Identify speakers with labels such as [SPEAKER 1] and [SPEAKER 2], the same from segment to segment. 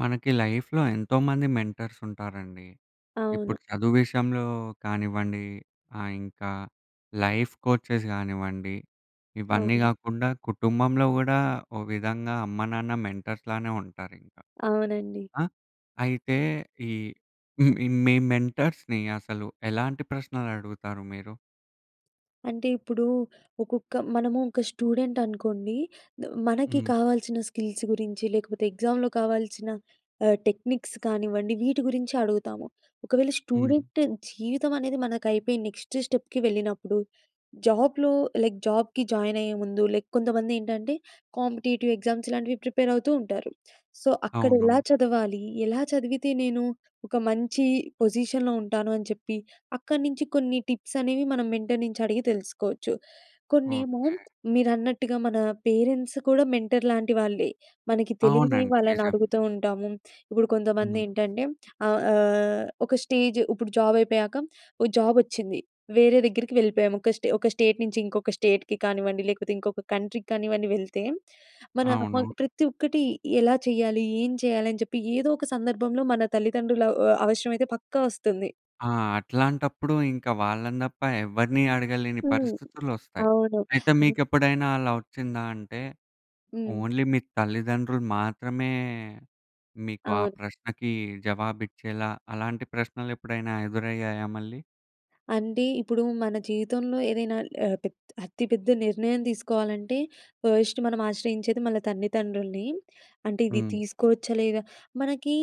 [SPEAKER 1] మనకి లైఫ్‌లో ఎంతోమంది మెంటర్సుంటారండి. ఇప్పుడు
[SPEAKER 2] అవును.
[SPEAKER 1] చదువు విషయంలో కానివ్వండి, ఆహ్, ఇంకా లైఫ్ కోచెస్ గానివ్వండి, ఇవన్నీ
[SPEAKER 2] అవును.
[SPEAKER 1] గాకుండా, కుటుంబంలో గూడా ఓ విధంగా అమ్మ, నాన్న మెంటర్స్‌లానే ఉంటారింక.
[SPEAKER 2] అవునండి.
[SPEAKER 1] ఆహ్, అయితే, ఈ మీ మీ మెంటర్స్‌ని అసలు ఎలాంటి ప్రశ్నలడుగుతారు మీరు?
[SPEAKER 2] అంటే, ఇప్పుడూ ఒకొక్క మనము ఒక స్టూడెంటనుకోండి. ద మనకి
[SPEAKER 1] హ్మ్.
[SPEAKER 2] కావాల్సిన స్కిల్స్ గురించి, లేకపోతే ఎగ్జామ్‌‌లో కావాల్సిన ఆహ్, టెక్నిక్స్ కానివ్వండి, వీటి గురించే అడుగుతాము. ఒకవేళ
[SPEAKER 1] హ్మ్.
[SPEAKER 2] స్టూడెంట్ జీవితమనేది మనకయిపోయి నెక్స్ట్ స్టెప్‌కి వెళ్ళినప్పుడు, జాబ్‌లో లైక్ జాబ్‌కి జాయినయ్యే ముందు లైక్ కొంతమందేంటంటే కాంపిటీటివ్ ఎగ్జామ్స్ ఇలాంటివి ప్రిపేరవుతూ ఉంటారు. సో, అక్కడెలా
[SPEAKER 1] అవును.
[SPEAKER 2] చదవాలి? ఎలా చదివితే నేను ఒక మంచి పొజిషన్‌లో ఉంటాను అని చెప్పి, అక్కడి నించి కొన్ని టిప్సనేవి మన మెంటర్ నించి అడిగి తెలుసుకోవచ్చు. కొన్నేమో
[SPEAKER 1] ఓకే.
[SPEAKER 2] మీరన్నట్టుగా మన పేరెంట్స్ కూడా మెంటర్‌లాంటి వాళ్ళే. మనకి తెలీని
[SPEAKER 1] అవునండి.
[SPEAKER 2] వాళ్ళని
[SPEAKER 1] నిజమే.
[SPEAKER 2] అడుగుతూ ఉంటాము. ఇప్పుడు
[SPEAKER 1] హ్మ్.
[SPEAKER 2] కొంతమందేంటంటే, ఆహ్, ఆహ్, ఒక స్టేజ్ ఉప్పుడు జాబయిపోయాక, ఓ జాబొచ్చింది. వేరే దగ్గరికి వెళ్ళిపోయాము. ఒక స్టే ఒక స్టేట్ నించి ఇంకొక స్టేట్‌కి కానివ్వండి, లేకపోతే ఇంకొక కంట్రీ‌కి కానివ్వండి వెళ్తే, మన అమోళ్
[SPEAKER 1] అవును.
[SPEAKER 2] ప్రతి ఒక్కటి ఎలా చెయ్యాలి, ఏం చెయ్యాలి అని చెప్పి ఏదో ఒక సందర్భంలో మన తల్లితండ్రుల ఆహ్, అవసరమైతే పక్కా వస్తుంది.
[SPEAKER 1] ఆ! అట్లాంటప్పుడు ఇంకా వాళ్ళని తప్ప ఎవరిని అడగలేని
[SPEAKER 2] హ్మ్.
[SPEAKER 1] పరిస్థితులొస్తాయి.
[SPEAKER 2] అవును.
[SPEAKER 1] అయితే మీకు ఎప్పుడైనా అలా ఒచ్చిందా అంటే
[SPEAKER 2] హ్మ్.
[SPEAKER 1] ఓన్లీ మీ తల్లిదండ్రులు మాత్రమే మీకు ఆ
[SPEAKER 2] అవును.
[SPEAKER 1] ప్రశ్నకి జవాబు ఇచ్చేలా. అలాంటి ప్రశ్నలు ఎప్పుడైనా ఎదురయ్యాయా మళ్ళీ?
[SPEAKER 2] అంటె ఇప్పుడు మన జీవితంలో ఏదైనా ఆహ్, పెద్ అతిపెద్ద నిర్ణయం తీసుకోవాలంటే ఫర్స్ట్ మనం ఆశ్రయించేది మన తల్లిదండ్రుల్ని. అంటే ఇది
[SPEAKER 1] హ్మ్.
[SPEAKER 2] తీసుకోవచ్చా? లేదా? మనకి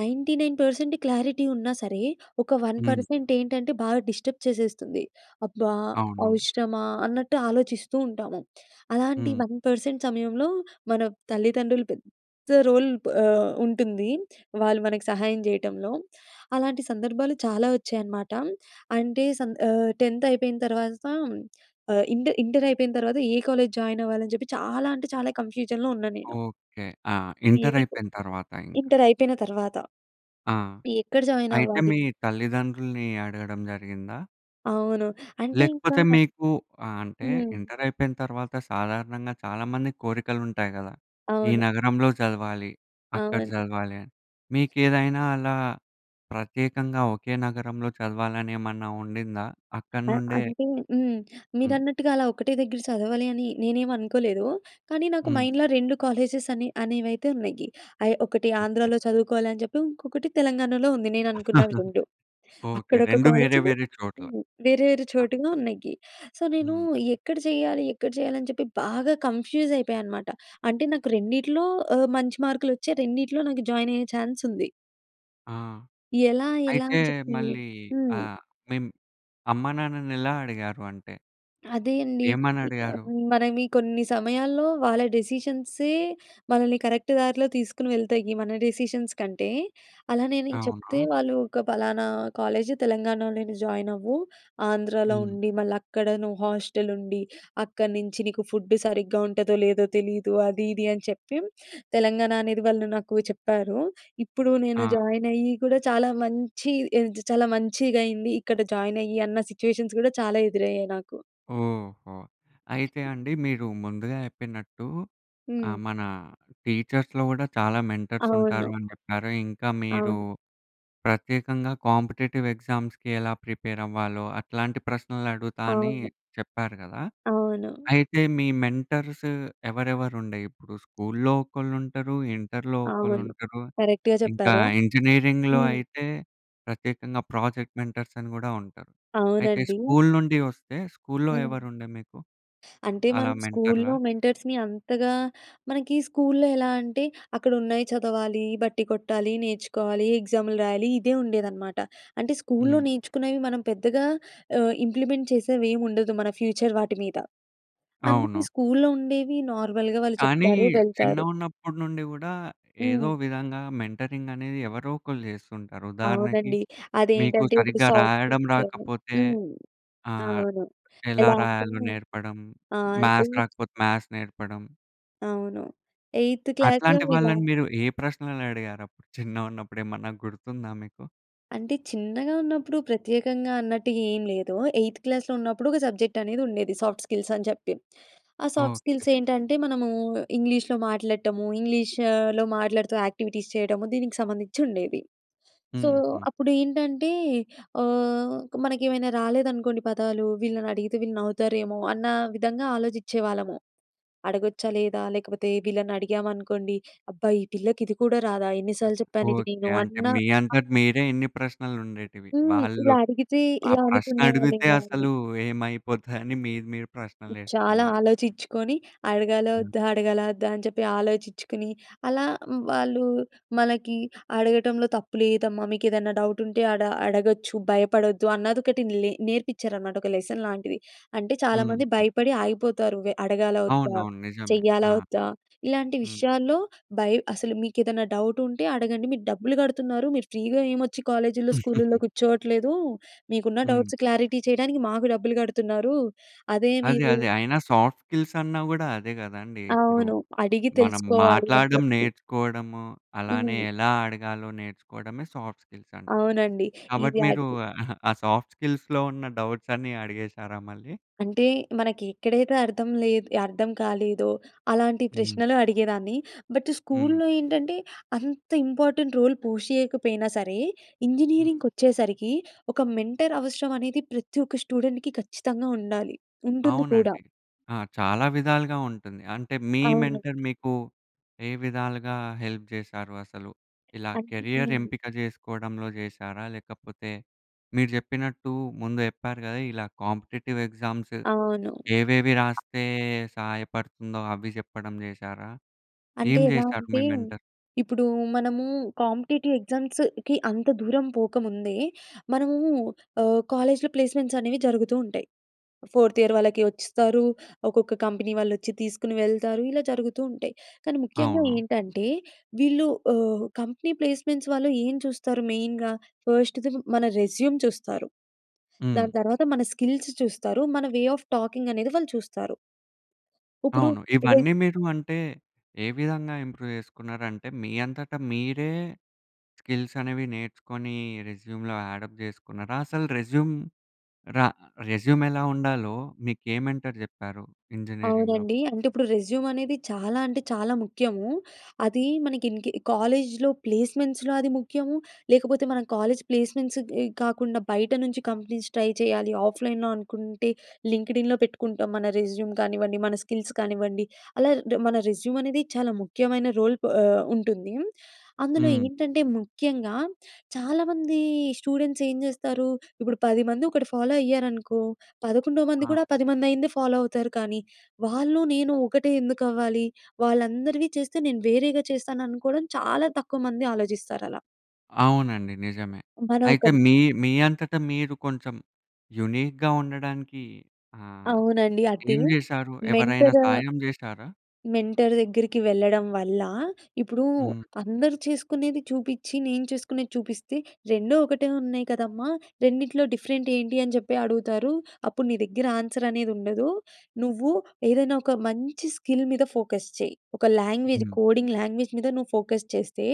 [SPEAKER 2] 99% క్లారిటీ ఉన్నా సరే ఒక వన్
[SPEAKER 1] హ్మ్.
[SPEAKER 2] పర్సెంట్ ఏంటంటే బాగా డిస్టర్బ్ చేసేస్తుంది. "అబ్బా!
[SPEAKER 1] అవునవును.
[SPEAKER 2] అవసరమా?" అన్నట్టు ఆలోచిస్తు ఉంటాము. అలాంటి
[SPEAKER 1] హ్మ్.
[SPEAKER 2] 1% సమయంలో మన తల్లిదండ్రులు పెద్ద రోల్ ఆహ్, ఉంటుంది వాళ్ళు మనకు సహాయం చేయటంలో. అలాంటి సందర్భాలు చాలా ఒచ్చాయి అన్నమాట. అంటే సం 10త్ అయిపోయిన తర్వాత ఆహ్, ఇంటర్, ఇంటర్ అయిపోయిన తరువాత ఏ కాలేజ్ జాయిన్ అవ్వాలి అని జెప్పి చాలా అంటే చాలా కన్‌ఫ్యూజన్‌లో ఉన్నా నేను.
[SPEAKER 1] ఓకె. ఆ! ఇంటర్
[SPEAKER 2] ఏనీకు
[SPEAKER 1] అయిపోయిన తర్వాత ఇంక.
[SPEAKER 2] ఇంటర్ అయిపోయిన తర్వాత
[SPEAKER 1] ఆ!
[SPEAKER 2] ఎక్కడ జాయిన్
[SPEAKER 1] అయితే
[SPEAKER 2] అవ్వాలి?
[SPEAKER 1] మీ తల్లిదండ్రుల్ని అడగడం జరిగిందా?
[SPEAKER 2] అవును. అంటే ఇంకా
[SPEAKER 1] లేకపోతే మీకు ఆహ్, అంటే
[SPEAKER 2] హ్మ్.
[SPEAKER 1] ఇంటర్ అయిపోయిన తర్వాత సాధారణంగా చాలామందికి కోరికలు ఉంటాయి గదా! ఈ
[SPEAKER 2] అవును.
[SPEAKER 1] నగరంలో చదవాలి, అక్కడ
[SPEAKER 2] అవునండి.
[SPEAKER 1] చదవాలి అని. మీకేదైనా అలా ప్రత్యేకంగా ఒకే నగరంలో చదవాలని ఏమన్నా ఉండిందా? అక్కడ
[SPEAKER 2] ఆ!
[SPEAKER 1] నుండే
[SPEAKER 2] అంటే హ్మ్.
[SPEAKER 1] హ్మ్.
[SPEAKER 2] మీరన్నట్టుగా అలా ఒకటే దగ్గర సదవాలి అని నేనేమి అనుకోలేదూ. కానీ నాకు
[SPEAKER 1] హ్మ్.
[SPEAKER 2] మైండ్‌లో, 2 కాలేజెస్ అనే అనేవైతే ఉన్నయి. ఆహ్, ఒకటి
[SPEAKER 1] ఓకే.
[SPEAKER 2] ఆంధ్రాలో చదువుకోవాలి అని చెప్పి. ఇంకొకటి తెలంగాణలో ఉంది నేను అనుకున్న 2.
[SPEAKER 1] ఓకే.
[SPEAKER 2] అక్కడ ఒక
[SPEAKER 1] 2
[SPEAKER 2] కాలేజ్
[SPEAKER 1] వేరే, వేరే చోట్ల.
[SPEAKER 2] హ్మ్. వేరే, వేరే
[SPEAKER 1] ఆ!
[SPEAKER 2] చోటుల్లో ఉన్నయ్యీ. సో, నేనూ
[SPEAKER 1] హ్మ్.
[SPEAKER 2] ఎక్కడ చెయ్యాలీ, ఎక్కడ చెయ్యాలి అని చెప్పి బాగా కన్‌ఫ్యూజ్ అయిపోయా అనమాట. అంటే నాకు రెండిట్లో ఆహ్, మంచి మార్కులొచ్చాయి. రెండిట్లో నాకు జాయిన్ అయ్యే ఛాన్స్ ఉంది.
[SPEAKER 1] ఆ!
[SPEAKER 2] ఎలా, ఎలా
[SPEAKER 1] అయితే
[SPEAKER 2] అని చెప్పీ
[SPEAKER 1] మళ్ళీ
[SPEAKER 2] హ్మ్.
[SPEAKER 1] ఆహ్, మిమ్ అమ్మానాన్నని ఎలా అడిగారు అంటే?
[SPEAKER 2] అదే అండి.
[SPEAKER 1] ఏమని
[SPEAKER 2] ఇంక
[SPEAKER 1] అడిగారు?
[SPEAKER 2] మనమీ కొన్ని సమయాల్లో, వాళ్ళ డెసిషన్స్‌యే మనల్ని కరెక్ట్ దారిలో తీసుకొని వెళ్తాయి. మన డెసిషన్స్ కంటే. అలానే నేను చెప్తే,
[SPEAKER 1] అవును.
[SPEAKER 2] "వాళ్ళూ ఒక పలానా కాలేజ్ తెలంగాణలోనే జాయిన్ అవ్వు. ఆంధ్రాలో
[SPEAKER 1] హ్మ్.
[SPEAKER 2] ఉండి, మళ్ళ అక్కడ నువ్వు హాస్టల్ ఉండి. అక్కడ నించి నీకు ఫుడ్ సరిగ్గా ఉంటదో, లేదో తెలీదు. అది, ఇది అని చెప్పి," తెలంగాణ అనేది వాళ్ళు నాకు చెప్పారు. ఇప్పుడు నేను
[SPEAKER 1] ఆ!
[SPEAKER 2] జాయిన్ అయ్యి కూడా చాలా మంచి ఎద్ చాలా మంచిగైంది. ఇక్కడ జాయిన్ అయ్యి, అన్న సిట్యుయేషన్స్ కూడా చాలా ఎదురయ్యాయి నాకు.
[SPEAKER 1] ఓహో! అయితే అండి, మీరు ముందుగా చెప్పినట్టు ఆహ్,
[SPEAKER 2] హ్మ్.
[SPEAKER 1] మనా టీచర్స్‌లో గూడా చాలా మెంటర్స్ ఉంటారు
[SPEAKER 2] అవును.
[SPEAKER 1] అని చెప్పారు. ఇంకా మీరూ
[SPEAKER 2] అవును.
[SPEAKER 1] ప్రత్యేకంగా కాంపిటీటివ్ ఎగ్జామ్స్‌కి ఎలా ప్రిపేర్ అవ్వాలో, అట్లాంటి ప్రశ్నలు అడుగుతా అనీ
[SPEAKER 2] అవును.
[SPEAKER 1] చెప్పారు గదా!
[SPEAKER 2] అవును.
[SPEAKER 1] అయితే, మీ మెంటర్స్ ఎవరెవరుండే ఇప్పుడు స్కూల్‌లో ఒకళ్ళు ఉంటరు, ఇంటర్‌లో ఒకళ్ళు
[SPEAKER 2] అవును.
[SPEAKER 1] ఉంటరు.
[SPEAKER 2] కరెక్ట్‌గా
[SPEAKER 1] ఇంకా
[SPEAKER 2] చెప్పారు.
[SPEAKER 1] ఇంజనీరింగ్‌లో
[SPEAKER 2] హ్మ్.
[SPEAKER 1] అయితే ప్రత్యేకంగా ప్రాజెక్ట్ మెంటర్స్ అని గూడా ఉంటరు. అయితే
[SPEAKER 2] అవునండి.
[SPEAKER 1] స్కూల్ నుండి వస్తే, స్కూల్‌లో
[SPEAKER 2] హ్మ్.
[SPEAKER 1] ఎవరుండే మీకు,
[SPEAKER 2] అంటే
[SPEAKER 1] అలా
[SPEAKER 2] మనం స్కూల్‌లో,
[SPEAKER 1] మెంటర్‌లా?
[SPEAKER 2] మెంటర్స్‌ని అంతగా మనకి స్కూల్‌లో ఎలా అంటే, అక్కడ ఉన్నాయి చదవాలి, బట్టీ కొట్టాలి, నేర్చుకోవాలి, ఎగ్జామ్‌లు రాయాలి. ఇదే ఉండేదనమాట. అంటే స్కూల్‌లో
[SPEAKER 1] హ్మ్.
[SPEAKER 2] నేర్చుకున్నవి మనం పెద్దగా ఆహ్, ఇంప్లిమెంట్ చేసేవి ఏం ఉండదు. మన ఫ్యూచర్ వాటి మీద. అందుకే,
[SPEAKER 1] అవును.
[SPEAKER 2] స్కూల్‌లో ఉండేవి నార్మల్‌గా వాళ్ళు
[SPEAKER 1] కానీ
[SPEAKER 2] చెప్తారు. వెళ్తారు.
[SPEAKER 1] చిన్నగున్నప్పుడు నుండి గూడా, ఏదో
[SPEAKER 2] హ్మ్.
[SPEAKER 1] విధంగా మెంటరింగ్ అనేది ఎవరో ఒకళ్ళు చేస్తుంటారు. ఉదాహరణకి,
[SPEAKER 2] అవునండి.
[SPEAKER 1] మీకు
[SPEAKER 2] అదేంటంటే ఇప్పుడు
[SPEAKER 1] సరిగ్గా
[SPEAKER 2] సౌత్
[SPEAKER 1] రాయడం
[SPEAKER 2] ఫుడ్స్. అని
[SPEAKER 1] రాకపోతే
[SPEAKER 2] హ్మ్.
[SPEAKER 1] ఆహ్,
[SPEAKER 2] అవును.
[SPEAKER 1] ఎలా
[SPEAKER 2] ఎలా అంటే
[SPEAKER 1] రాయాలో నేర్పడం,
[SPEAKER 2] ఆ!
[SPEAKER 1] మ్యాథ్స్
[SPEAKER 2] [unintelligible]
[SPEAKER 1] రాకపోతే, మ్యాథ్స్ నేర్పడం.
[SPEAKER 2] అవును. ఎయిత్ క్లాస్‌లో
[SPEAKER 1] అట్లాంటి
[SPEAKER 2] ఇలా
[SPEAKER 1] వాళ్ళని మీరు ఏ ప్రశ్నలు అడిగారు అప్పుడు. చిన్నగా ఉన్నప్పుడు ఏమన్నా గుర్తుందా మీకు?
[SPEAKER 2] అంటే చిన్నగా ఉన్నప్పుడు ప్రత్యేకంగా అన్నట్టుగా ఏం లేదు. ఎయిత్ క్లాస్‌లో ఉన్నప్పుడు ఒక సబ్జెక్ట్ అనేది ఉండేది. సాఫ్ట్ స్కిల్స్ అని చెప్పి. ఆ! Soft
[SPEAKER 1] okay.
[SPEAKER 2] స్కిల్స్ ఏంటంటే మనము ఇంగ్లీష్‌లో మాట్లాడటము ఇంగ్లీష్‌లో మాట్లాడుతూ యాక్టివిటీస్ చేయడము దీనికి సంబంధించి ఉండేది. సో
[SPEAKER 1] హుహు.
[SPEAKER 2] అప్పుడు ఏంటంటే ఆహ్, ఒక మనకేమైనా రాలేదనుకోండి పదాలు. వీళ్ళని అడిగితే వీళ్ళు నవ్వుతారేమో అన్న విధంగా ఆలోచించే వాళ్ళము. అడగొచ్చా? లేదా? లేకపోతే వీళ్ళని అడిగామనుకోండి "అబ్బా! ఈ పిల్లకి ఇది కూడా రాదా ఎన్ని సార్లు చెప్పాను ఇది
[SPEAKER 1] ఓకె.
[SPEAKER 2] నేను"
[SPEAKER 1] అంటే
[SPEAKER 2] అన్న
[SPEAKER 1] మీ అంతట మీరే ఇన్ని ప్రశ్నలు ఉండేటివి.
[SPEAKER 2] హ్మ్.
[SPEAKER 1] వాళ్ళు
[SPEAKER 2] ఇలా అడిగితే,
[SPEAKER 1] ఆ
[SPEAKER 2] ఇలా
[SPEAKER 1] ప్రశ్న అడిగితే
[SPEAKER 2] అనుకునేవాళ్ళేమో అని.
[SPEAKER 1] అసలు ఏమైపోతాయి అని మీరు మీరే ప్రశ్నలు
[SPEAKER 2] చాలా
[SPEAKER 1] ఎసుకున్నారు.
[SPEAKER 2] ఆలోచించుకొని అడగాలా ఒద్దా? అడగాలా ఒద్దా? అని చెప్పి ఆలోచించుకొని, అలా వాళ్ళు మనకి అడగటంలో తప్పు లేదమ్మా. మీకు ఏదైనా డౌట్ ఉంటే అడ అడగొచ్చు. భయపడొద్దు అన్నదొకటి లె నేర్పించారన్నమాట ఒక లెసన్ లాంటిది. అంటే చాలామంది
[SPEAKER 1] హ్మ్.
[SPEAKER 2] భయపడి ఆగిపోతారు వే అడగాలా ఒద్దా?
[SPEAKER 1] అవునవును. నిజమే. ఆ!
[SPEAKER 2] చెయ్యాలా ఒద్దా? ఇలాంటి
[SPEAKER 1] హ్మ్.
[SPEAKER 2] విషయాల్లో బై అసలు మీకు ఏదైనా డౌట్ ఉంటే అడగండి. మీరు డబ్బులు గడుతున్నారు మీరు ఫ్రీ‌గా ఏం ఒచ్చి కాలేజ్‌లో స్కూలుల్లో కూర్చోవట్లేదు. మీకున్న
[SPEAKER 1] హ్మ్.
[SPEAKER 2] డౌట్స్ క్లారిటీ చేయడానికి మాకు డబ్బులు గడుతున్నారు. అదే
[SPEAKER 1] అదే,
[SPEAKER 2] మీరు
[SPEAKER 1] అదే. అయినా సాఫ్ట్ స్కిల్స్ అన్నా గూడా అదే గదండీ. ఇప్పుడు
[SPEAKER 2] అవును. అడిగి
[SPEAKER 1] మనం
[SPEAKER 2] తెలుసుకోవాలి అని
[SPEAKER 1] మాట్లాడడం
[SPEAKER 2] చెప్పి.
[SPEAKER 1] నేర్చుకోవడము అలానే
[SPEAKER 2] హ్మ్.
[SPEAKER 1] ఎలా అడగాలో నేర్చుకోవడమే సాఫ్ట్ స్కిల్స్ అంటె.
[SPEAKER 2] అవునండి. ఈ
[SPEAKER 1] కాబట్టి మీరు
[SPEAKER 2] వ్యాధికి
[SPEAKER 1] ఆ సాఫ్ట్ స్కిల్స్‌‌‌లో ఉన్న డౌట్స్ అన్నీ అడిగేసారా మళ్ళీ?
[SPEAKER 2] అంటే మనకి ఎక్కడైతే అర్థం లే‌ద్ అర్థం కాలేదో అలాంటి
[SPEAKER 1] హ్మ్.
[SPEAKER 2] ప్రశ్నలు అడిగేదాన్ని. బట్
[SPEAKER 1] హ్మ్.
[SPEAKER 2] స్కూల్లో ఏంటంటే అంత ఇంపార్టెంట్ రోల్ పుష్ చేయకపోయినా సరే,
[SPEAKER 1] హ్మ్.
[SPEAKER 2] ఇంజినీరింగ్‌‌కొచ్చేసరికి ఒక మెంటర్ అవసరం అనేది ప్రతి ఒక్క స్టూడెంట్‌కీ ఖచ్చితంగా ఉండాలి. ఉంటుంది కూడా.
[SPEAKER 1] అవునండి. ఆ! చాలా విధాలుగా ఉంటుంది. అంటే మీ
[SPEAKER 2] అవును.
[SPEAKER 1] మెంటర్ మీకు ఏ విధాలుగా హెల్ప్ చేశారు అసలు? ఇలా కెరియర్
[SPEAKER 2] అంటే
[SPEAKER 1] ఎంపిక చేసుకోవడంలో చేశారా? లేకపోతే మీరు చెప్పినట్టు ముందు చెప్పారు కదా ఇలా కాంపిటీటివ్ ఎగ్జామ్స్
[SPEAKER 2] అవును.
[SPEAKER 1] ఏవేవి రాస్తే సహాయపడుతుందో అవి చెప్పడం చేశారా?
[SPEAKER 2] అంటే
[SPEAKER 1] ఏం
[SPEAKER 2] ఎలా
[SPEAKER 1] చేశారు మీ
[SPEAKER 2] అంటే,
[SPEAKER 1] మెంటర్?
[SPEAKER 2] ఇప్పుడు మనము కాంపిటీటివ్ ఎగ్జామ్స్‌కి అంత దూరం పోకముందే మనము ఆహ్, కాలేజ్‌లో ప్లేస్మెంట్స్ అనేవి జరుగుతూ ఉంటాయి. ఫోర్త్ ఇయర్ వాళ్ళకి ఒస్తారు. ఒక్కొక్క కంపెనీ వాళ్ళు ఒచ్చి తీసుకొని వెళ్తారు. ఇలా జరుగుతూ ఉంటాయి. కానీ ముఖ్యంగా
[SPEAKER 1] అవును.
[SPEAKER 2] ఏంటంటే వీళ్ళు ఆహ్, కంపెనీ ప్లేస్మెంట్స్ వాళ్ళు ఏం చూస్తారు మెయిన్‌గా. ఫస్ట్‌ది మన రెజ్యూమ్ చూస్తారు. దాని
[SPEAKER 1] హ్మ్.
[SPEAKER 2] తర్వాత మన స్కిల్స్ చూస్తారు. మన వే ఆఫ్ టాకింగ్ అనేది వాళ్ళు చూస్తారు. ఇప్పుడు
[SPEAKER 1] అవును.
[SPEAKER 2] రె
[SPEAKER 1] ఇవన్నీ మీరు అంటే, ఏ విధంగా ఇంప్రూవ్ చేసుకున్నారంటే మీ అంతట మీరే స్కిల్స్ అనేవి నేర్చుకొని రెస్యూమ్‌లో అడ్ అప్ చేసుకున్నారా? అసలు రెస్యూమ్ ర రెస్యూమ్ ఎలా ఉండాలో మీకు ఏ మెంటర్ చెప్పారు ఇంజినీరింగ్‌లో?
[SPEAKER 2] అవునండి. అంటే ఇప్పుడు రెజ్యూమ్ అనేది చాలా అంటే చాలా ముఖ్యము. అది మనకి ఇంకే కాలేజ్‌లో ప్లేస్మెంట్స్‌లో అది ముఖ్యము. లేకపోతే మనం కాలేజ్ ప్లేస్మెంట్స్ ఇ గాకుండా బయట నుంచి కంపెనీస్ ట్రై చేయాలి. ఆఫ్లైన్‌లో అనుకుంటే లింక్‌డ్ ఇన్‌లో పెట్టుకుంటాం. మన రెజ్యూమ్ కానివ్వండి. మన స్కిల్స్ కానివ్వండి. అలా మన రెజ్యూమ్ అనేది చాలా ముఖ్యమైన రోల్ ప్ ఆహ్, ఉంటుంది. అందులో
[SPEAKER 1] హ్మ్.
[SPEAKER 2] ఏంటంటే ముఖ్యంగా చాలామంది స్టూడెంట్స్ ఏం చేస్తారు. ఇప్పుడు పదిమంది ఒకటి ఫాలో అయ్యారనుకో. పదకొండో
[SPEAKER 1] ఆ!
[SPEAKER 2] మంది కూడా ఆ పదిమంది అయ్యిందే ఫాలో అవుతారు కానీ వాళ్ళు నేను ఒకటే ఎందుకు అవ్వాలి? వాళ్ళందరివి చేస్తే నేను వేరేగా చేస్తాను అనుకోవడం చాలా తక్కువ మంది ఆలోచిస్తారు అలా.
[SPEAKER 1] అవునండి నిజమే.
[SPEAKER 2] మన
[SPEAKER 1] అయితే
[SPEAKER 2] ఒకరి
[SPEAKER 1] మీ, మీ అంతట మీరు కొంచెం యూనిక్‌గా ఉండడానికి ఆహ్,
[SPEAKER 2] అవునండి. అదె,
[SPEAKER 1] ఏం చేశారు? ఎవరైనా
[SPEAKER 2] మెంటర్,
[SPEAKER 1] సాయం చేసారా?
[SPEAKER 2] మెంటర్ దగ్గరికి వెళ్ళడం వల్ల, ఇప్పుడు
[SPEAKER 1] హ్మ్.
[SPEAKER 2] అందరూ చేసుకునేది చూపించి, నేను చేసుకునేది చూపిస్తే, "రెండు ఒకటే ఉన్నాయి కదమ్మా! రెండిట్లో డిఫరెంట్ ఏంటి అని చెప్పి అడుగుతారు. అప్పుడు నీ దగ్గర ఆన్సర్ అనేది ఉండదు. నువ్వు ఏదైనా ఒక మంచి స్కిల్ మీద ఫోకస్ చెయ్యి. ఒక లాంగ్వేజ్
[SPEAKER 1] హ్మ్.
[SPEAKER 2] కోడింగ్ లాంగ్వేజ్ మీద నువ్వు ఫోకస్ చేస్తే,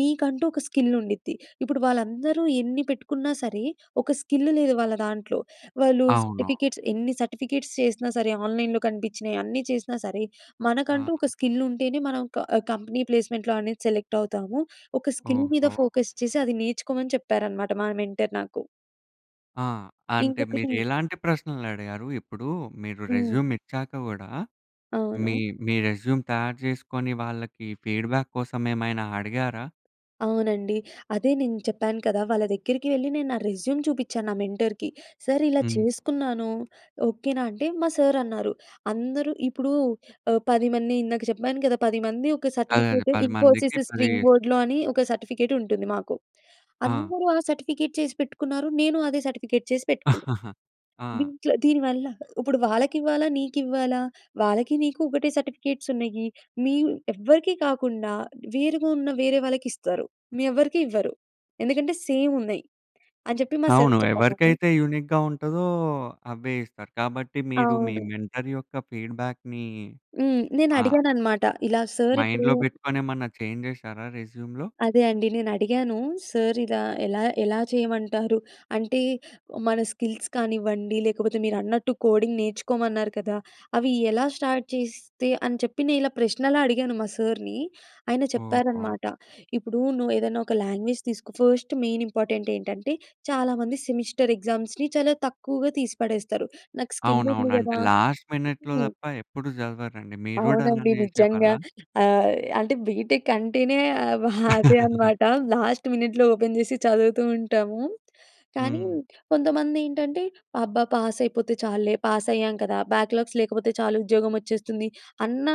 [SPEAKER 2] నీకంటూ ఒక స్కిల్ ఉండిద్ది. ఇప్పుడు వాళ్ళందరూ ఎన్ని పెట్టుకున్నా సరే, ఒక స్కిల్ లేదు వాళ్ళ దాంట్లో. వాళ్ళు
[SPEAKER 1] అవును.
[SPEAKER 2] సర్టిఫికేట్స్ ఎన్ని సర్టిఫికేట్స్ చేసినా సరే, ఆన్‌లైన్‌లో కనిపించినయి అన్నీ చేసినా సరే, మనకంటూ ఒక
[SPEAKER 1] హా!
[SPEAKER 2] స్కిల్ ఉంటేనే మనం క ఆహ్ కంపెనీ ప్లేస్మెంట్‌లో అనేది సెలెక్ట్ అవుతాము. ఒక స్కిల్ మీద
[SPEAKER 1] ఓహో!
[SPEAKER 2] ఫోకస్ చేసి అది నేర్చుకోమని" చెప్పారనమాట, మా మెంటర్ నాకు.
[SPEAKER 1] ఆ! అంటే
[SPEAKER 2] ఇంకొకటి
[SPEAKER 1] మీరు ఎలాంటి ప్రశ్నలు అడిగారు. ఇప్పుడు మీరు రెజ్యూమ్
[SPEAKER 2] హ్మ్.
[SPEAKER 1] ఇచ్చాక కూడా మీ,
[SPEAKER 2] అవును.
[SPEAKER 1] మీ రెజ్యూమ్ తయారు చేసుకొని వాళ్ళకి ఫీడ్‌బ్యాక్ కోసం ఏమైనా అడిగారా?
[SPEAKER 2] అవునండి. అదే నేను చెప్పాను కదా! వాళ్ళ దగ్గరికి వెళ్లి నేను నా రెజ్యూమ్ చూపించాను నా మెంటర్‌కి. సార్ ఇలా
[SPEAKER 1] హ్మ్.
[SPEAKER 2] చేసుకున్నాను ఓకేనా అంటే, మా సార్ అన్నారు, "అందరూ" ఇప్పుడు ఆహ్, 10 మంది ఇందాక చెప్పాను కదా! 10 మంది ఒక
[SPEAKER 1] అదేదే
[SPEAKER 2] సర్టిఫికేట్
[SPEAKER 1] 10 మందికి
[SPEAKER 2] ఇన్ఫోసిస్
[SPEAKER 1] 10
[SPEAKER 2] స్ట్రీమ్ బోర్డ్‌లో అని ఒక సర్టిఫికేట్ ఉంటుంది మాకు.
[SPEAKER 1] ఆ!
[SPEAKER 2] "అందరూ ఆ సర్టిఫికేట్ చేసి పెట్టుకున్నారు. నేను అదే సర్టిఫికేట్ చేసి పెట్టుకున్నాను.
[SPEAKER 1] ఆ!
[SPEAKER 2] దీంట్లో దీనివల్ల ఇప్పుడు వాళ్ళకివ్వాలా! నీకివ్వాలా! వాళ్ళకి నీకు ఒకటే సర్టిఫికేట్స్ ఉన్నాయి. మీవ్ ఎవ్వరికీ కాకుండా వేరుగా ఉన్న వేరే వాళ్ళకి ఇస్తారు. మీ ఎవ్వరికి ఇవ్వరు. ఎందుకంటే సేమ్ ఉన్నాయి" అని చెప్పి మా సార్
[SPEAKER 1] అవును
[SPEAKER 2] చెప్పగానే
[SPEAKER 1] ఎవరికైతే యూనిక్‌గా ఉంటాదో అవే ఇస్తారు. కాబట్టి మీరు మీ
[SPEAKER 2] అవును.
[SPEAKER 1] మెంటర్ యొక్క ఫీడ్‌బ్యాక్‌ని
[SPEAKER 2] హ్మ్. నేను
[SPEAKER 1] ఆ
[SPEAKER 2] అడిగానన్నమాట. ఇలా సార్ ఇప్పుడు
[SPEAKER 1] మైండ్‌లో పెట్టుకొనేమన్నా చేంజ్ చేసారా రెజ్యూమ్‌లో.
[SPEAKER 2] అదే అండి. నేనడిగాను, సార్ ఇలా ఎలా, ఎలా చేయమంటారు? అంటే మన స్కిల్స్ కానివ్వండి లేకపోతే మీరన్నట్టు కోడింగ్ నేర్చుకోమన్నారు కదా! అవి ఎలా స్టార్ట్ చేస్తే, అని చెప్పి నేనిలా ప్రశ్నలా అడిగాను మా సార్‌ని ఆయన
[SPEAKER 1] ఓహో!
[SPEAKER 2] చెప్పారన్నమాట "ఇప్పుడు నువ్వు ఏదైనా ఒక లాంగ్వేజ్ తీసుకో" ఫస్ట్ మెయిన్ ఇంపార్టెంట్ ఏంటంటే చాలామంది సెమిస్టర్ ఎగ్జామ్స్‌ని చాలా తక్కువగా తీసిపడేస్తారు నాకు స్కిల్
[SPEAKER 1] అవునవును.
[SPEAKER 2] ఉంది
[SPEAKER 1] అంటే
[SPEAKER 2] కదా
[SPEAKER 1] లాస్ట్ మినిట్‌లో
[SPEAKER 2] హ్మ్.
[SPEAKER 1] తప్ప ఎప్పుడు చదవరండి మీరు కూడా
[SPEAKER 2] అవునండి
[SPEAKER 1] అలానే
[SPEAKER 2] నిజంగా.
[SPEAKER 1] చేసేవాళ్ళా?
[SPEAKER 2] ఆహ్, అంటే బీటెక్ అంటేనే హ్యాపీ అనమాట. లాస్ట్ మినెట్‌లో ఓపెన్ చేసి చదువుతూ ఉంటాము. కానీ
[SPEAKER 1] హ్మ్.
[SPEAKER 2] కొంతమంది ఏంటంటే అబ్బా! పాస్ అయిపోతే చాల్లే, పాస్ అయ్యాం కదా! బ్యాక్‌లాగ్స్ లేకపోతే చాలు ఉద్యోగం వచ్చేస్తుంది. అన్న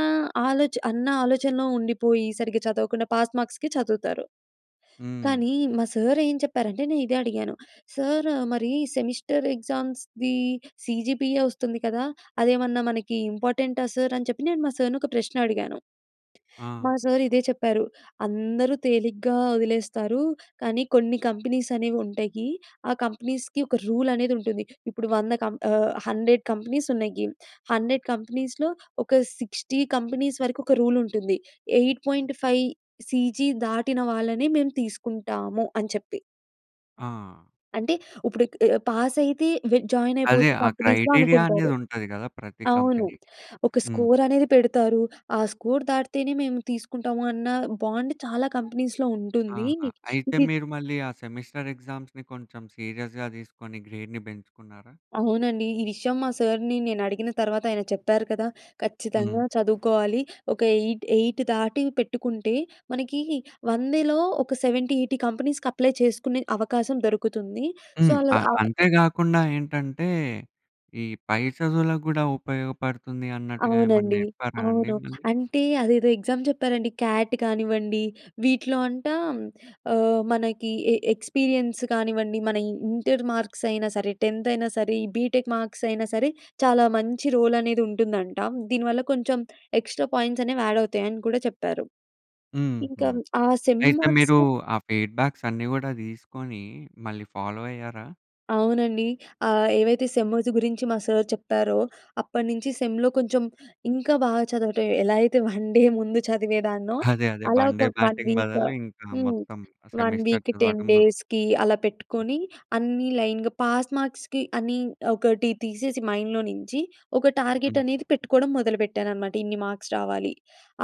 [SPEAKER 2] ఆలోచన అన్న ఆలోచనలో ఉండిపోయి సరిగ్గా చదవకుండా పాస్ మార్క్స్‌కి చదువుతారు.
[SPEAKER 1] హ్మ్.
[SPEAKER 2] కానీ, మా సార్ ఏం చెప్పారంటే, నే ఇదే అడిగాను సార్ మరి సెమిస్టర్ ఎగ్జామ్స్ ది సీజీపీఏ వస్తుంది కదా! అదేమన్నా మనకి ఇంపార్టెంటా సార్ అని చెప్పి నేను మా సార్‌ని ఒక ప్రశ్న అడిగాను. మా
[SPEAKER 1] ఆ!
[SPEAKER 2] సార్ ఇదే చెప్పారు "అందరూ తేలిగ్గా వదిలేస్తారు, కానీ కొన్ని కంపెనీస్ అనేవి ఉంటాయి. ఆ కంపెనీస్‌కి ఒక రూల్ అనేది ఉంటుంది. ఇప్పుడు 100 కం ఆహ్, 100 కంపెనీస్ ఉన్నాయి. 100 కంపెనీస్‌లో ఒక 60 కంపెనీస్ వరకు ఒక రూల్ ఉంటుంది. 8.5 సీజీ దాటిన వాళ్ళని మేము తీసుకుంటాము" అని చెప్పి.
[SPEAKER 1] ఆ!
[SPEAKER 2] అంటే ఇప్పుడు క్ ఆహ్, పాస్ అయితే వ్ జాయిన్
[SPEAKER 1] అదే
[SPEAKER 2] అయిపోవచ్చు
[SPEAKER 1] ఆ
[SPEAKER 2] కంపెనీస్‌లో
[SPEAKER 1] క్రైటీరియా అనేది
[SPEAKER 2] అనుకుంటారు.
[SPEAKER 1] ఉంటది గదా ప్రతి
[SPEAKER 2] అవును.
[SPEAKER 1] కంపెనీకి.
[SPEAKER 2] ఒక
[SPEAKER 1] హ్మ్.
[SPEAKER 2] స్కోర్ అనేది పెడతారు. ఆ స్కోర్ దాటితేనే మేము తీసుకుంటాము అన్న బాండ్ చాలా కంపెనీస్‌లో ఉంటుందీ.
[SPEAKER 1] ఆహా! అయితే
[SPEAKER 2] ఇది
[SPEAKER 1] మీరు మళ్ళీ ఆ సెమిస్టర్ ఎగ్జామ్స్‌ని కొంచెం సీరియస్‌గా తీసుకొని గ్రేడ్‌ని పెంచుకున్నారా?
[SPEAKER 2] అవునండీ. ఈ విషయం మా సర్‌ని నేను అడిగిన తర్వాత ఆయన చెప్పారు కదా, ఖచ్చితంగా
[SPEAKER 1] హ్మ్.
[SPEAKER 2] చదువుకోవాలి. ఒక 8, 8 దాటీ పెట్టుకుంటే మనకీ 100లో ఒక 70, 80 కంపెనీస్‌కి అప్లై చేసుకునే అవకాశం దొరుకుతుందీ. సో
[SPEAKER 1] హ్మ్.
[SPEAKER 2] అలాగా
[SPEAKER 1] ఆహ్,
[SPEAKER 2] అవ్
[SPEAKER 1] అంతే గాకుండా ఏంటంటే ఈ పై చదువులకు గూడా ఉపయోగపడుతుంది అన్నట్టుగా ఏమన్నా
[SPEAKER 2] అవునండీ,
[SPEAKER 1] చెప్పారా అండి
[SPEAKER 2] అవును.
[SPEAKER 1] మళ్ళీ?
[SPEAKER 2] అంటే అదేదో ఎగ్జామ్ చెప్పారండి. క్యాట్ కానివ్వండి వీటిలో అంటా ఆహ్, మనకీ ఎ ఎక్స్‌పీరియన్స్ కానివ్వండి మన ఇ ఇంటర్ మార్క్స్ అయినా సరే టెన్త్ అయినా సరే ఈ బీటెక్ మార్క్స్ అయినా సరే చాలా మంచి రోల్ అనేది ఉంటుందంట. దీని వల్ల కొంచెం ఎక్స్‌ట్రా పాయింట్స్ అనేవి యాడ్ అవుతాయి అని కూడా చెప్పారు.
[SPEAKER 1] హుహు.
[SPEAKER 2] ఇంకా ఆ సెమ్
[SPEAKER 1] అయితే
[SPEAKER 2] మాక్స్
[SPEAKER 1] మీరూ ఆ ఫీడ్‌బ్యాక్స్ అన్నీ గూడా తీసుకొనీ మళ్ళీ ఫాలో అయ్యారా?
[SPEAKER 2] అవునండి. ఆహ్, ఏవైతే సెమూస్ గురించి మా సర్ చెప్పారో, అప్పటినించి సెమ్‌లో కొంచెం ఇంకా బా చదవటం. ఎలా అయితే 1 డే ముందు చదివేదాన్నో,
[SPEAKER 1] అదే అదే.
[SPEAKER 2] అలా
[SPEAKER 1] 1
[SPEAKER 2] ఒక
[SPEAKER 1] డే
[SPEAKER 2] 1
[SPEAKER 1] బ్యాటింగ్
[SPEAKER 2] వీక్
[SPEAKER 1] బదులు ఇంకా
[SPEAKER 2] హ్మ్.
[SPEAKER 1] మొత్తం
[SPEAKER 2] 1
[SPEAKER 1] సెమిస్టర్
[SPEAKER 2] వీక్‌కి, 10
[SPEAKER 1] చదవటం
[SPEAKER 2] డేస్‌కి అలా పెట్టుకొనీ అన్నీ లైన్‌గా, పాస్ మార్క్స్‌కి అని ఒకటి తీసేసి మైండ్‌లో నించి ఒక టార్గెట్
[SPEAKER 1] హ్మ్.
[SPEAKER 2] అనేది పెట్టుకోడం మొదలు పెట్టాననమాట. ఇన్ని మార్క్స్ రావాలి.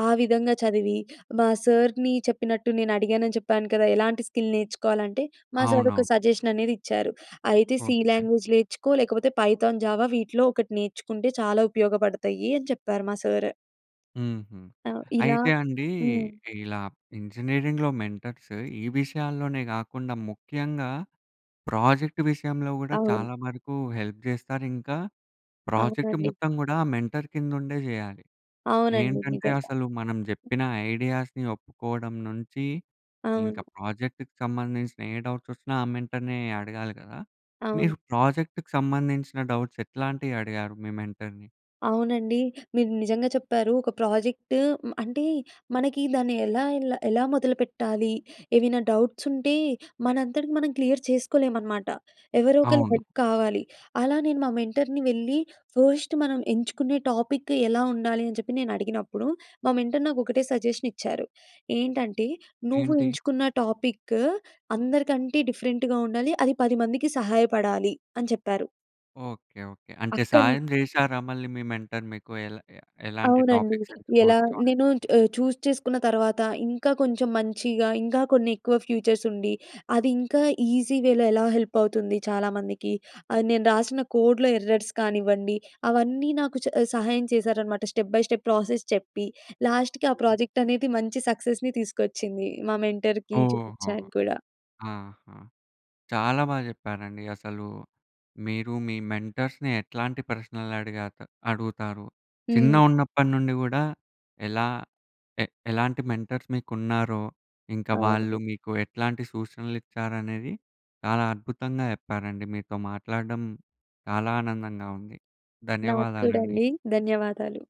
[SPEAKER 2] ఆ విధంగా చదివీ, మా సర్‌ని చెప్పినట్టు, నేను అడిగానని చెప్పాను కదా! ఎలాంటి స్కిల్ నేర్చుకోవాలంటే, మా సర్ ఒక
[SPEAKER 1] అవునవును.
[SPEAKER 2] సజెషన్ అనేది ఇచ్చారు. అయితే "సి
[SPEAKER 1] ఓకె.
[SPEAKER 2] లాంగ్వేజ్ నేర్చుకో లేకపోతే పైథాన్, జావా వీటిలో ఒకటి నేర్చుకుంటే చాలా ఉపయోగపడతయ్యీ" అని చెప్పారు, మా సర్.
[SPEAKER 1] హుహు.
[SPEAKER 2] ఆహ్, ఇలా
[SPEAKER 1] అయితే అండీ
[SPEAKER 2] హ్మ్.
[SPEAKER 1] ఇలా ఇంజనీరింగ్‌లో మెంటర్స్ ఈ విషయాల్లోనే గాకుండా ముఖ్యంగా ప్రాజెక్ట్ విషయంలో గూడా
[SPEAKER 2] అవును.
[SPEAKER 1] చాలా వరకూ హెల్ప్ చేస్తారు, ఇంకా ప్రాజెక్ట్
[SPEAKER 2] అవునండి.
[SPEAKER 1] మొత్తం గూడా ఆ మెంటర్ కిందుండే జెయ్యాలి.
[SPEAKER 2] అవునండి,
[SPEAKER 1] ఏంటంటే
[SPEAKER 2] నిజంగా.
[SPEAKER 1] అసలు మనం జెప్పిన ఐడియాస్‌ని ఒప్పుకోవడం నుంచి, ఇంక
[SPEAKER 2] అవును.
[SPEAKER 1] ప్రాజెక్టుకు సంబంధించిన ఏ డౌట్స్ వచ్చినా ఆ మెంటర్‌నే అడగాలి గదా?
[SPEAKER 2] అవును.
[SPEAKER 1] మీరు ప్రాజెక్టుకు సంబంధించిన డౌట్స్ ఎట్లాంటియి అడిగారు మీ మెంటర్‌ని?
[SPEAKER 2] అవునండి. మీరు నిజంగా చెప్పారు. ఒక ప్రాజెక్ట్ మ్ అంటే మనకి దాన్ని ఎలా ఎలా, ఎలా మొదలుపెట్టాలీ, ఏవైనా డౌట్స్ ఉంటే, మనంతట మనం క్లియర్ చేసుకోలేం అనమాట. ఎవరో ఒకళ్ళ
[SPEAKER 1] అవును.
[SPEAKER 2] హెల్ప్ కావాలి. అలా నేను మా మెంటర్‌ని వెళ్ళి ఫస్ట్ మనం ఎంచుకునే టాపిక్ ఎలా ఉండాలి అని చెప్పి నేను అడిగినప్పుడు, మా మెంటర్ నాకు ఒకటే సజెషన్ ఇచ్చారు. ఏంటంటే, "నువ్వు
[SPEAKER 1] ఏంటి?
[SPEAKER 2] ఎంచుకున్న టాపిక్ అందరికంటే డిఫరెంట్‌గా ఉండాలి. అది 10 మందికి సహాయపడాలి" అని చెప్పారు.
[SPEAKER 1] Okay okay. అంటే
[SPEAKER 2] అక్కన్
[SPEAKER 1] సాయం చేశారా, మళ్ళీ మీ మెంటర్ మీకు ఎల ఎ ఎలాంటి
[SPEAKER 2] అవునండి.
[SPEAKER 1] టాపిక్స్
[SPEAKER 2] ఎలా
[SPEAKER 1] ఎంచుకోవచ్చో అని?
[SPEAKER 2] నేనూ చ్ ఆహ్, చూస్ చేసుకున్న తర్వాత, ఇంకా కొంచెం మంచిగా, ఇంకా కొన్ని ఎక్కువ ఫ్యూచర్స్ ఉండి, అది ఇంకా ఈజీ వేలో ఎలా హెల్ప్ అవుతుంది చాలామందికి, అది నేను రాసిన కోడ్‌లో ఎర్రర్స్ కానివ్వండి, అవన్నీ నాకు చ సహాయం చేశారనమాట, స్టెప్ బై స్టెప్ ప్రాసెస్ చెప్పి. లాస్ట్‌కి ఆ ప్రాజెక్ట్ అనేది మంచి సక్సెస్‌ని తీసుకొచ్చిందీ. మా మెంటర్‌కీ
[SPEAKER 1] ఓహోహో!
[SPEAKER 2] చూపిచ్చాను కూడా.
[SPEAKER 1] ఆహా! చాలా బా చెప్పారండి. అసలూ, మీరు మీ మెంటర్స్‌ని ఎట్లాంటి ప్రశ్నలు అడిగాక అడుగుతారు? చిన్న
[SPEAKER 2] హ్మ్.
[SPEAKER 1] ఉన్నప్పడ నుండి గూడా ఎలా ఎ ఎలాంటి మెంటర్స్ మీకున్నారో, ఇంకా వాళ్ళు
[SPEAKER 2] [unintelligible]
[SPEAKER 1] మీకు ఎట్లాంటి సూచనలు ఇచ్చారనేది, చాలా అద్భుతంగా చెప్పారండి. మీతో మాట్లాడడం చాలా ఆనందంగా ఉంది.
[SPEAKER 2] నాకు కూడా
[SPEAKER 1] ధన్యవాదాలండి.
[SPEAKER 2] అండి. ధన్యవాదాలు.